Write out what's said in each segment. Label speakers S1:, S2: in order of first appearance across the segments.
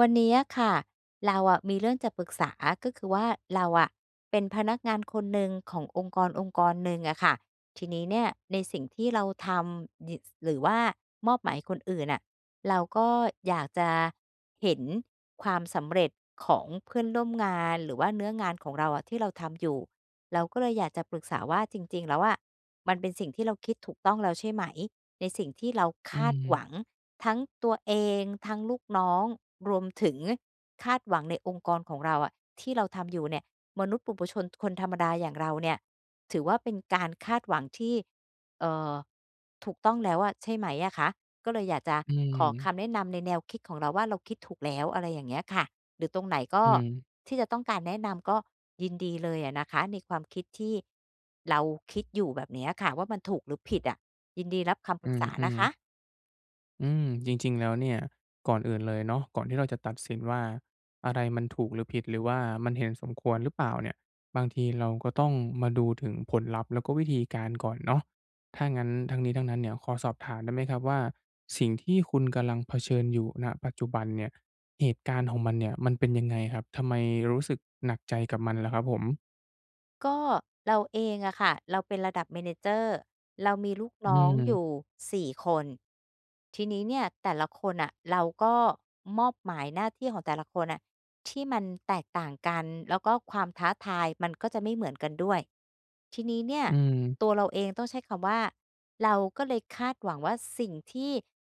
S1: วันนี้อะค่ะ เราอะมีเรื่องจะปรึกษา ก็คือว่า เราอะเป็นพนักงานคนหนึ่งขององค์กรองค์กรหนึ่งอะค่ะ ทีนี้เนี่ย ในสิ่งที่เราทำ ย หรือว่ามอบหมายคนอื่นน่ะ เราก็อยากจะเห็นความสำเร็จของเพื่อนร่วมงาน หรือว่าเนื้องานของเราอะ ที่เราทำอยู่ เราก็เลยอยากจะปรึกษาว่า จริง ๆ แล้วอะ มันเป็นสิ่งที่เราคิดถูกต้องแล้วใช่ไหม? ในสิ่งที่เราค
S2: อื
S1: าดหว
S2: ม
S1: ัง ทั้งตัวเอง ทั้งลูกน้อง รวมถึงคาดหวังในองค์กรของเราอะ ที่เราทำอยู่เนี่ย มนุษย์ปุถุชน คนธรรมดาอย่างเราเนี่ย ถือว่าเป็นการคาดหวังที่ เอ่อ ถูกต้องแล้วอะ ใช่ไหมอะคะ? ก็เลยอยากจะ
S2: อื
S1: ขอค
S2: ม
S1: ำแนะนำในแนวคิดของเราว่า เราคิดถูกแล้ว อะไรอย่างเงี้ยค่ะ หรือตรงไหนก็
S2: อืม
S1: ที่จะต้องการแนะนำก็ยินดีเลยอะนะคะ ในความคิดที่เราคิดอยู่แบบนี้อะค่ะว่า มันถูกหรือ ผิดอะ? ยินดีรับคำป
S2: อื
S1: รึกษานะ
S2: อ
S1: ค
S2: ๆ
S1: ะ
S2: อืม จริง ๆ แล้วเนี่ย ก่อนอื่นเลยเนาะ ก่อนที่เราจะตัดสินว่า อะไรมันถูกหรือผิด หรือว่ามันเห็นสมควรหรือเปล่าเนี่ย บางทีเราก็ต้องมาดูถึงผลลัพธ์ แล้วก็วิธีการก่อนเนาะ ถ้างั้นทั้งนี้ทั้งนั้นเนี่ย ขอสอบถามได้ไหมครับว่า สิ่งที่คุณกำลังเผชิญอยู่ ณ ปัจจุบันเนี่ย เหตุการณ์ของมันเนี่ย มันเป็นยังไงครับ? ทำไมรู้สึกหนักใจกับมันล่ะครับผม?
S1: ก็เราเองอะค่ะ เราเป็นระดับ manager เรามีลูก
S2: อื
S1: น้องอ
S2: ม
S1: ยู่ 4 คน ทีนี้เนี่ย แต่ละคนน่ะ เราก็มอบหมายหน้าที่ของแต่ละคนน่ะ ที่มันแตกต่างกัน แล้วก็ความท้าทายมันก็จะไม่เหมือนกันด้วย ทีนี้เนี่ย
S2: อืม
S1: ตัวเราเองต้องใช้คำว่า เราก็เลยคาดหวังว่า สิ่งที่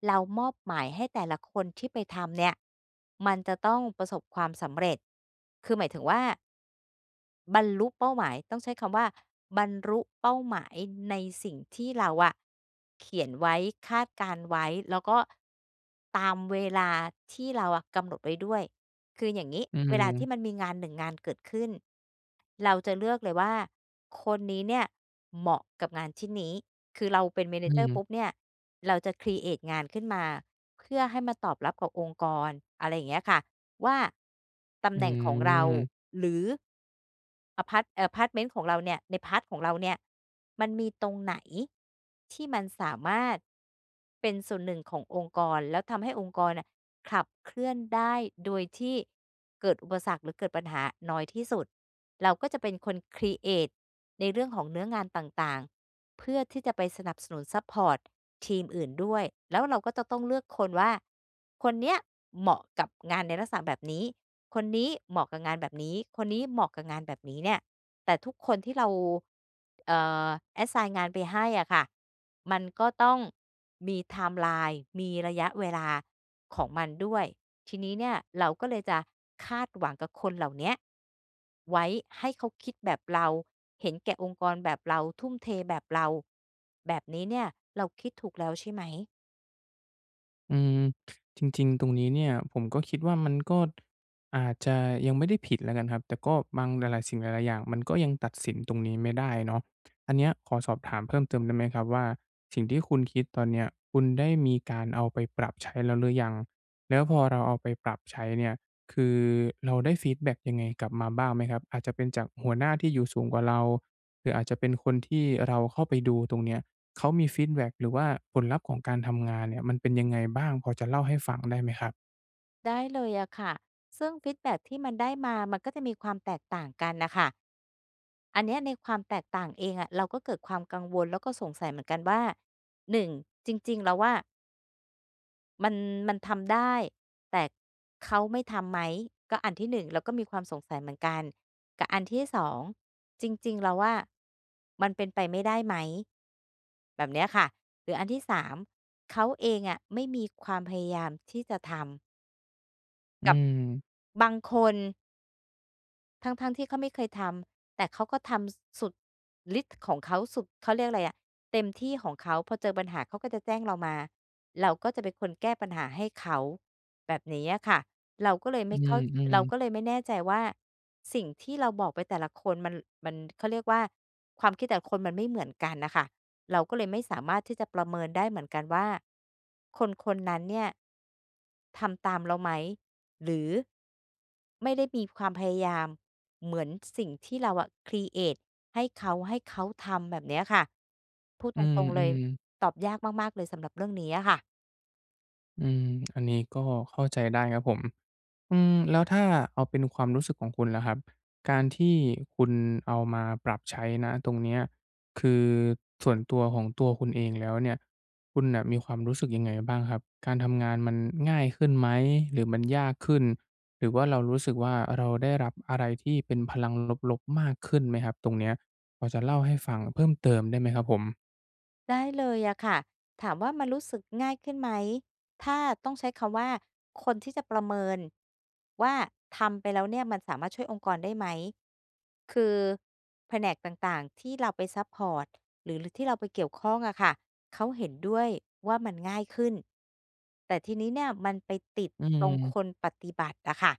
S1: เรามอบหมายให้แต่ละคนที่ไปทำเนี่ย มันจะต้องประสบความสำเร็จ คือหมายถึงว่า บรรลุเป้าหมาย ต้องใช้คำว่า บรรลุ เป้าหมายในสิ่งที่เราอะเขียนไว้ คาดการณ์ไว้ แล้วก็ตามเวลาที่เราอะกำหนดไว้ด้วย คืออย่างงี้
S2: อื
S1: เวลาที
S2: อ
S1: ่มันมีงาน 1 งานเกิดขึ้น เราจะเลือกเลยว่า คนนี้เนี่ย เหมาะกับงานชิ้นนี้ คือเราเป็น
S2: อื
S1: manager ป
S2: ม
S1: ุ๊บเนี่ย เราจะ ครีเอต งานขึ้นมา เพื่อให้มาตอบรับกับองค์กร อะไรอย่างเงี้ยค่ะว่า ต
S2: อ
S1: ำ
S2: ื
S1: แหน่งของเรา
S2: ม
S1: หรือ อ่า พาร์ต เอ่อ พาร์ต เม้นของเราเนี่ย ใน พาร์ต ของเราเนี่ย มันมีตรงไหนที่มันสามารถเป็นส่วนหนึ่งขององค์กร แล้วทำให้องค์กรน่ะ ขับเคลื่อนได้โดยที่เกิดอุปสรรค หรือเกิดปัญหาน้อยที่สุด เราก็จะเป็นคน ครีเอต ในเรื่องของเนื้องานต่าง ๆ เพื่อที่จะไปสนับสนุนซัปพอร์ตทีมอื่นด้วย แล้วเราก็จะต้องเลือกคนว่า คนเนี้ยเหมาะกับงานในลักษณะแบบนี้ คนนี้เหมาะกับงานแบบนี้ คนนี้เหมาะกับงานแบบนี้เนี่ย แต่ทุกคนที่เรา เอ่อ assign งานไปให้อะค่ะ มันก็ต้องมีไทม์ไลน์มีระยะเวลาของมันด้วย ทีนี้เนี่ย เราก็เลยจะคาดหวังกับคนเหล่าเนี้ยไว้ให้เขาคิดแบบเรา เห็นแก่องค์กรแบบเรา ทุ่มเทแบบเรา แบบนี้เนี่ย เราคิดถูกแล้วใช่ไหม?
S2: อืม จริง ๆ ตรงนี้เนี่ย ผมก็คิดว่ามัน ก็ ท อาจจะยังไม่ได้ผิดแล้วกันครับ แต่ก็บาง หลาย ๆ สิ่งหลาย ๆ อย่าง มันก็ยังตัดสินตรงนี้ไม่ได้เนาะ อันเนี้ยขอสอบถามเพิ่มเติมได้ไหมครับว่า สิ่งที่คุณคิดตอนเนี้ยคุณได้มีการเอาไปปรับใช้แล้วหรือยัง? แล้วพอเราเอาไปปรับใช้เนี่ย คือเราได้ฟีดแบ็กยังไงกลับมาบ้างไหมครับ? อาจจะเป็นจากหัวหน้าที่อยู่สูงกว่าเรา หรืออาจจะเป็นคน ที่เราเข้าไปดูตรงเนี้ย เขามีฟีดแบ็ก หรือว่าผลลัพธ์ของการทำงานเนี่ย มันเป็นยังไงบ้างพอจะเล่าให้ฟัง ได้ไหมครับ?
S1: ได้เลยอะค่ะ ซึ่งฟีดแบ็กที่มันได้มามันก็จะมีความแตกต่างกันน่ะค่ะ อันเนี้ยในความแตกต่างเองอะเราก็เกิดความกังวล แล้วก็สงสัยเหมือนกันว่า 1 จริง ๆ แล้วอะ มัน มันทำได้ แต่เขาไม่ทำไหม? ก็อันที่ 1 แล้วก็มีความสงสัยเหมือนกัน กับอันที่ 2 จริง ๆ แล้วอะ มันเป็นไปไม่ได้ไหม? แบบเนี้ยค่ะ หรืออันที่ 3 เขาเองอะไม่มีความพยายามที่จะทำ
S2: อื
S1: กับ
S2: ม
S1: บางคน ทั้ง ๆ ที่เขาไม่เคยทำ แต่เขาก็ทำ ส สุดฤทธิ์ของเขาสุด เขาเรียกอะไรอะ เต็มที่ของเขา พอเจอปัญหาเขาก็จะแจ้งเรามา เราก็จะเป็นคนแก้ปัญหาให้เขา แบบนี้อะค่ะ เราก็เลยไ
S2: อ
S1: ม
S2: ื
S1: ่เข้า
S2: ม
S1: เรา
S2: ๆ
S1: ก็เลยไม่แน่ใจว่า สิ่งที่เราบอกไปแต่ละคนมัน มัน เขาเรียกว่า ความคิดแต่ละคนมันไม่เหมือนกันน่ะค่ะ เราก็เลยไม่สามารถที่จะประเมินได้เหมือนกันว่า คน ๆ นั้นเนี่ยทำตามเราไหม? หรือ ไม่ได้มีความพยายามเหมือนสิ่งที่เราอะครีเอตให้เขา ให้เขาทำแบบเนี้ยค่ะ พูด
S2: อื
S1: ตรง ๆ เลย
S2: ม ๆ
S1: ตอบยากมาก ๆ เลยสำหรับเรื่องนี้อะค่ะ
S2: อืม อันนี้ก็เข้าใจได้ครับผม อืม แล้วถ้าเอาเป็นความรู้สึกของคุณล่ะครับ การที่คุณเอามาปรับใช้ ณ ตรงเนี้ย คือส่วนตัวของตัวคุณเองแล้วเนี่ย คุณน่ะมีความรู้สึกยังไงบ้างครับ? การทำงานมันง่ายขึ้นไหม หรือมัน ยากขึ้น? หรือว่าเรารู้สึกว่า เราได้รับอะไรที่เป็นพลังลบ ๆ มากขึ้นไหมครับตรงเนี้ย? พอจะเล่าให้ฟังเพิ่มเติมได้ไหมครับผม?
S1: ได้เลยอะค่ะ ถามว่า มันรู้สึกง่ายขึ้นไหม? ถ้าต้องใช้คำว่า คนที่จะประเมินว่า ทำไปแล้วเนี่ยมันสามารถช่วยองค์กรได้ไหม? คือแผนกต่าง ๆ ที่เราไปซัปพอร์ตหรือ ร ที่เราไปเกี่ยวข้องอะค่ะ เขาเห็นด้วยว่า มันง่ายขึ้น แต่ทีนี้เนี่ยมันไปติด
S2: อื
S1: ตรง
S2: ม
S1: คนปฏิบัติอะค่ะ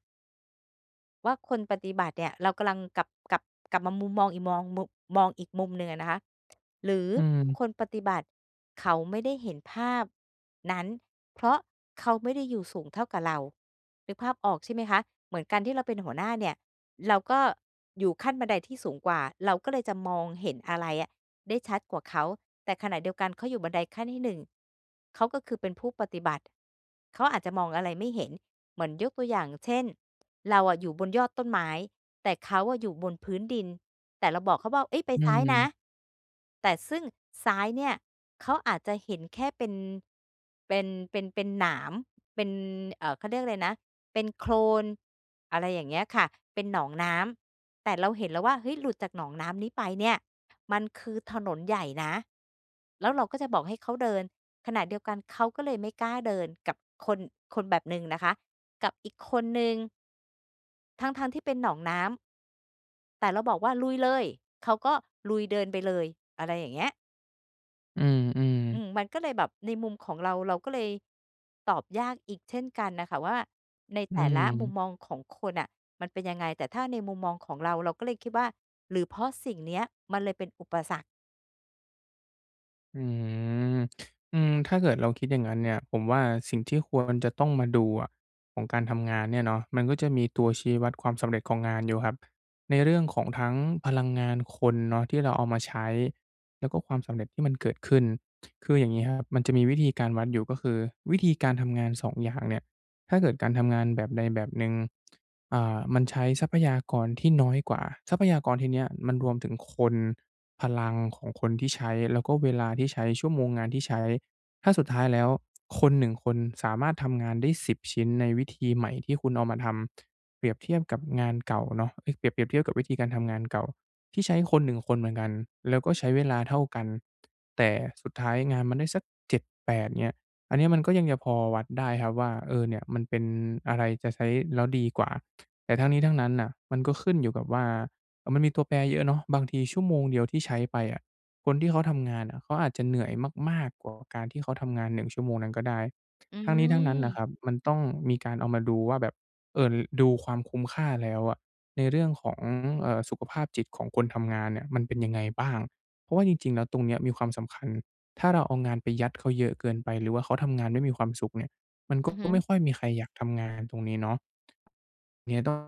S1: ว่า คนปฏิบัติเนี่ย เรากำลังกลับ กลับ กลับมามุมมองอีก มองมุ มองอีกมุมหนึ่งอะนะคะ หรือ
S2: อืม
S1: คนปฏิบัติเขาไม่ได้เห็นภาพนั้น เพราะเขาไม่ได้อยู่สูงเท่ากับเรา นึกภาพออกใช่ไหมคะ เหมือนการที่เราเป็นหัวหน้าเนี่ยเราก็อยู่ขั้นบันไดที่สูงกว่า เราก็เลยจะมองเห็นอะไรอะได้ชัดกว่าเขา แต่ขณะเดียวกันเขาอยู่บันไดขั้นที่ 1 เขาก็คือเป็นผู้ปฏิบัติ เขาอาจจะมองอะไรไม่เห็น เหมือน ยกตัวอย่างเช่น เราอะอยู่บนยอดต้นไม้แต่เขาอะอยู่บนพื้นดิน แต่เราบอกเขาว่า "เฮ้ย! ไป
S2: อื
S1: ซ้ายนะ"
S2: ม
S1: แต่ ซึ่งซ้ายเนี่ยเขาอาจจะเห็นแค่เป็น เป็น เป็น เป็นหนาม เป็น เอ่อ เขาเรียกอะไรนะ เป็นโคลน อะไรอย่างเงี้ยค่ะ เป็นหนองน้ำ แต่เราเห็นแล้วว่า "เฮ้ย! หลุดจากหนองน้ำนี้ไปเนี่ยมันคือถนนใหญ่นะ" แล้วเราก็จะบอกให้เขาเดิน ขณะเดียวกัน เขาก็เลยไม่กล้าเดิน กับคน คนแบบหนึ่งนะคะ กับอีกคนหนึ่ง ทั้ง ๆ ที่เป็นหนองน้ำ แต่เราบอกว่า "ลุยเลย" เขาก็ลุยเดินไปเลย อะไรอย่างเงี้ย
S2: อืม
S1: อื
S2: ๆ
S1: ม มันก็เลยแบบในมุมของเรา เราก็เลย ตอบยากอีกเช่นกันน่ะค่ะว่า ใน
S2: อ
S1: แ
S2: ื
S1: ต่ละมุม
S2: ม
S1: มองของคนน่ะ มันเป็นยังไง แต่ถ้าในมุมมองของเรา เราก็เลยคิดว่า "หรือเพราะสิ่งเนี้ย มันเลยเป็นอุปสรรค"?
S2: อือ อืม ถ้าเกิดเราคิดอย่างงั้นเนี่ย ผมว่าสิ่งที่ควรจะต้องมาดูอะ ของการทำงานเนี่ยเนาะ มันก็จะมีตัวชี้วัดความสำเร็จของงานอยู่ครับ ในเรื่องของทั้งพลังงานคนเนาะ ที่เราเอามาใช้ แล้วก็ความสำเร็จที่มันเกิดขึ้น คืออย่างงี้ครับ มันจะมีวิธีการวัดอยู่ ก็คือวิธีการทำงาน 2 อย่างเนี่ย ถ้าเกิดการทำงานแบบใดแบบหนึ่ง อ่า มันใช้ทรัพยากรที่น้อยกว่า ทรัพยากรที่เนี้ย มันรวมถึงคน พลังของคนที่ใช้ แล้วก็เวลาที่ใช้ ชั่วโมงงานที่ใช้ ถ้าสุดท้ายแล้ว คน 1 คนสามารถทำงานได้ 10 ชิ้น ในวิธีใหม่ที่คุณเอามาทำ เปรียบเทียบกับงานเก่าเนาะ เอ๊ย! เปรียบ เปรียบเทียบกับวิธีการทำงานเก่า ที่ใช้คน 1 คนเหมือนกัน แล้วก็ใช้เวลาเท่ากัน แต่สุดท้ายงานมันได้สัก 7-8 เงี้ย อันนี้มันก็ยังจะพอวัดได้ครับว่า เออ เนี่ย มันเป็น อะไรจะใช้แล้วดีกว่า แต่ทั้งนี้ทั้งนั้นน่ะ มันก็ขึ้นอยู่กับว่า เอ่อ มันมีตัวแปรเยอะเนาะ บางทีชั่วโมงเดียวที่ใช้ไปอะ คนที่เขาทำงานอะ เขาอาจจะเหนื่อยมาก ๆ กว่าการที่เขาทำงาน 1 ชั่วโมงนั้นก็ได้
S1: อื
S2: ทั้งนี้ทั้งนั้นน่ะค
S1: อ
S2: รับ มันต้องมีการเอามาดูว่าแบบ เอ่อ ล ดูความคุ้มค่าแล้วอะ ในเรื่องของ เอ่อ สุขภาพจิตของคนทำงานเนี่ย มันเป็นยังไงบ้าง? เพราะว่าจริง ๆ แล้ว ตรงเนี้ยมีความสำคัญ ถ้าเราเอางานไปยัดเขาเยอะเกินไป หรือว่าเขาทำงานไม่มีความสุขเนี่ย มันก
S1: อ
S2: ็
S1: ือฮ
S2: ก็
S1: ึ
S2: ไม่ค่อยมีใครอยากทำงานตรงนี้เนาะ เงี้ย ต้อง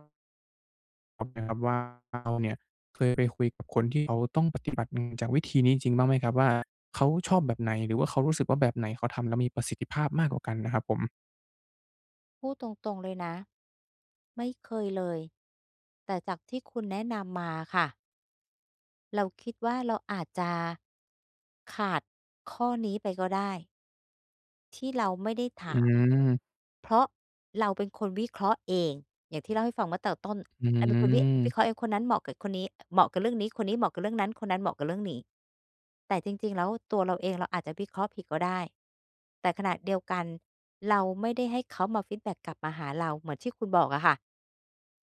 S2: [unintelligible] ว่าเราเนี่ยเคยไปคุยกับคนที่เขาต้อง ปฏิบัติ อืม จากวิธีนี้จริงบ้างไหมครับว่า เขาชอบแบบไหน หรือว่าเขารู้สึกว่า แบบไหนเขาทำแล้วมีประสิทธิภาพมากกว่ากันนะครับผม?
S1: พูดตรง ๆ เลยนะ ไม่เคยเลย แต่จากที่คุณแนะนำมาค่ะ เราคิดว่า เราอาจจะ ขาดข้อนี้ไปก็ได้ ที่เราไม่ได้ถ
S2: อื
S1: าม
S2: ม
S1: เพราะเราเป็นคนวิเคราะห์เอง อย่างที่เล่าให้ฟังเมื่อเติบต้น
S2: อื
S1: อันนั้นคือวิ วิ
S2: ม
S1: เคราะห์เอง คนนั้นเหมาะกับ อ คนนี้ เหมาะกับเรื่องนี้ คนนี้เหมาะกับเรื่องนั้น คนนั้นเหมาะกับเรื่องหมี่ แต่จริง ๆ แล้วตัวเราเอง เราอาจจะวิเคราะห์ผิดก็ได้ แต่ขณะเดียวกันเราไม่ได้ให้เขามาฟีดแบ็กกลับมาหาเรา เหมือนที่คุณบอกอะค่ะ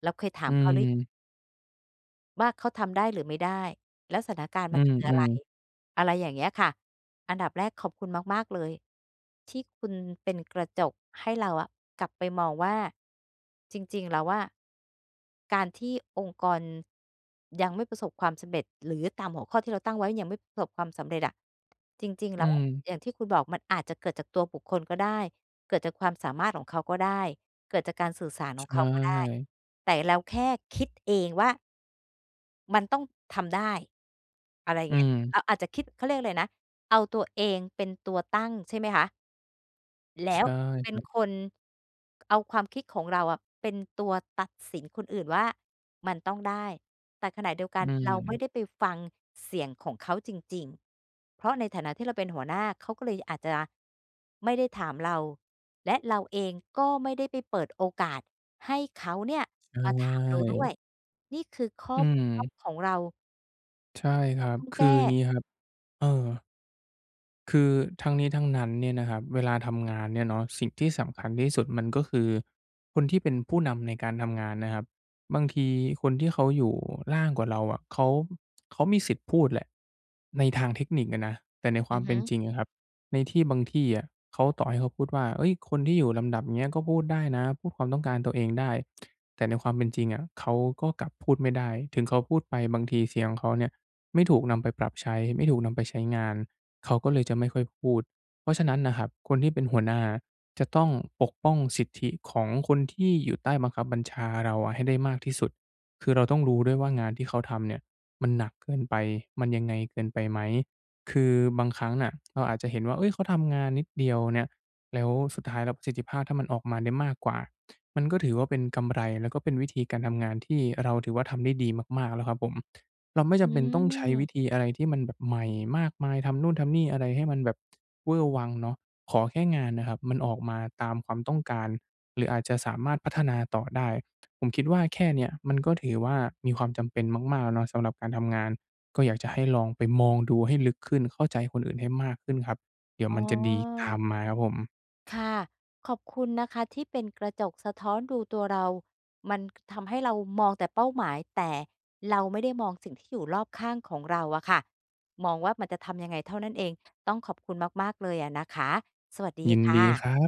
S1: แล้วเคยถา
S2: อื
S1: มเขา ร
S2: ม
S1: ว่าเขาทำได้หรือไม่ได้? แล้วสถานการณ์
S2: อ
S1: ม
S2: ื
S1: ันคืออะไร?
S2: ม ๆ
S1: อะไรอย่างเงี้ยค่ะ อันดับแรกขอบคุณมาก ๆ เลย ที่คุณเป็นกระจกให้ เราอะกลับไปมองว่า จริง ๆ แล้วอะ การที่องค์กรยังไม่ประสบความสำเร็จ หรือตามหัวข้อที่เราตั้งไว้ยังไม่ประสบ ความสำเร็จอะ จริง ๆ
S2: อ
S1: แ
S2: ื
S1: ล้ว
S2: ม
S1: อย่างที่คุณบอกมันอาจจะเกิดจากตัวบุคคลก็ได้ เกิดจากความสามารถของเขาก็ได้ เกิดจากการสื่อสารข
S2: ใ
S1: อ
S2: ช
S1: งเขาก็ได้
S2: ่
S1: แต่เรา แค่คิด เองว่า มันต้องทำได้ อะไร
S2: อื
S1: เงี้ย
S2: ม
S1: เราอาจจะคิด เขาเรียกอะไรนะ เอาตัวเองเป็นตัวตั้ง ใช่ไหมคะ แล
S2: ใช
S1: ้ว
S2: ่
S1: เป
S2: ค
S1: ็น
S2: รับ
S1: คน ก เอาความคิดของเราอะ เป็นตัวตัดสินคนอื่นว่า มันต้องได้ แต่ขณะเดียวก
S2: อ
S1: ั
S2: ื
S1: น เราไม่
S2: ม
S1: ได้ไปฟังเสียงของเขาจริง ๆ เพราะในฐานะที่เราเป็นหัวหน้า เขาก็เลยอาจจะไม่ได้ถามเรา และเราเองก็ไม่ได้ไปเปิดโอกาสให้เขาเนี่ย
S2: ใช
S1: มาถาม เราด้ว
S2: ่
S1: ย นี่คือข้
S2: อ
S1: อ
S2: ื
S1: บกพร่อ
S2: ม
S1: งของเรา
S2: ใช่
S1: ที่
S2: ค
S1: เร
S2: ร
S1: า
S2: ับ
S1: ต้อง
S2: ค
S1: แ
S2: ื
S1: ก
S2: อ
S1: ้
S2: งี้ครับ เออ คือทั้งนี้ทั้งนั้นเนี่ยนะครับ เวลาทำงานเนี่ยเนาะ สิ่งที่สำคัญที่สุด มันก็คือคนที่เป็นผู้นำในการทำงานนะครับ บางทีคนที่เขาอยู่ล่างกว่าเราอะ เขา เขามีสิทธิ์พูดแหละ ในทางเทคนิคอะนะ แต่ในคว
S1: อ
S2: า
S1: ื
S2: ม
S1: อ
S2: เ
S1: ฮ
S2: ป
S1: ึ
S2: ็นจริงอะครับ ในที่บางที่อะ เขา ต่อให้เขาพูดว่า เอ๊ย! คนที่อยู่ลำดับเงี้ยก็พูดได้นะ พูดความต้องการตัวเองได้ แต่ในความเป็นจริงอะ เขาก็กลับพูดไม่ได้ ถึงเขาพูดไปบางทีเสียงเขาเนี่ยไม่ถูกนำไปปรับใช้ ไม่ถูกนำไปใช้งาน เขาก็เลยจะไม่ค่อยพูด เพราะฉะนั้นน่ะครับ คนที่เป็นหัวหน้าจะต้องปกป้องสิทธิของคนที่อยู่ใต้บังคับบัญชาเราอะให้ได้มากที่สุด คือเราต้องรู้ด้วยว่า งานที่เขาทำเนี่ยมันหนักเกินไป มันยังไงเกินไปไหม คือบางครั้งน่ะ เราอาจจะเห็นว่า เอ๊ย! เขาทำงานนิดเดียวเนี่ย แล้วสุดท้ายแล้วประสิทธิภาพ ถ้ามันออกมาได้มากกว่า มันก็ถือว่าเป็นกำไร แล้วก็เป็นวิธีการทำงานที่เราถือว่าทำได้ดีมาก ๆ แล้วครับผม เราไม่จ
S1: อื
S2: ำเป็นต้องใช้วิ
S1: อ
S2: ธีอะไรที่มันแบบใหม่มากมาย ทำนู่น ทำนี่ อะไรให้มันแบบ เว่อร์วังเนาะ ขอแค่งานน่ะครับมันออกมาตามความต้องการ หรืออาจจะสามารถพัฒนาต่อได้ ผมคิดว่าแค่เนี้ยมันก็ถือว่า มีความจำเป็นมาก ๆ แล้วเนาะสำหรับการทำงาน ก็อยากจะให้ลองไปมองดูให้ลึกขึ้น เข้าใจคนอื่นให้มากขึ้นครับ เดี๋ยว
S1: อ๋
S2: มันจะดีตา
S1: อ
S2: มมาครับผม
S1: ค่ะ ขอบคุณนะคะ ที่เป็นกระจกสะท้อนดูตัวเรา มันทำให้เรามองแต่เป้าหมาย แต่เราไม่ได้มองสิ่งที่อยู่รอบข้างของเราอะค่ะ มองว่ามันจะทำยังไงเท่านั้นเอง ต้องขอบคุณมาก ๆ เลยอะนะคะ สวัสดี
S2: ยิน
S1: ค
S2: ด
S1: ่
S2: ี
S1: ะ
S2: ครับ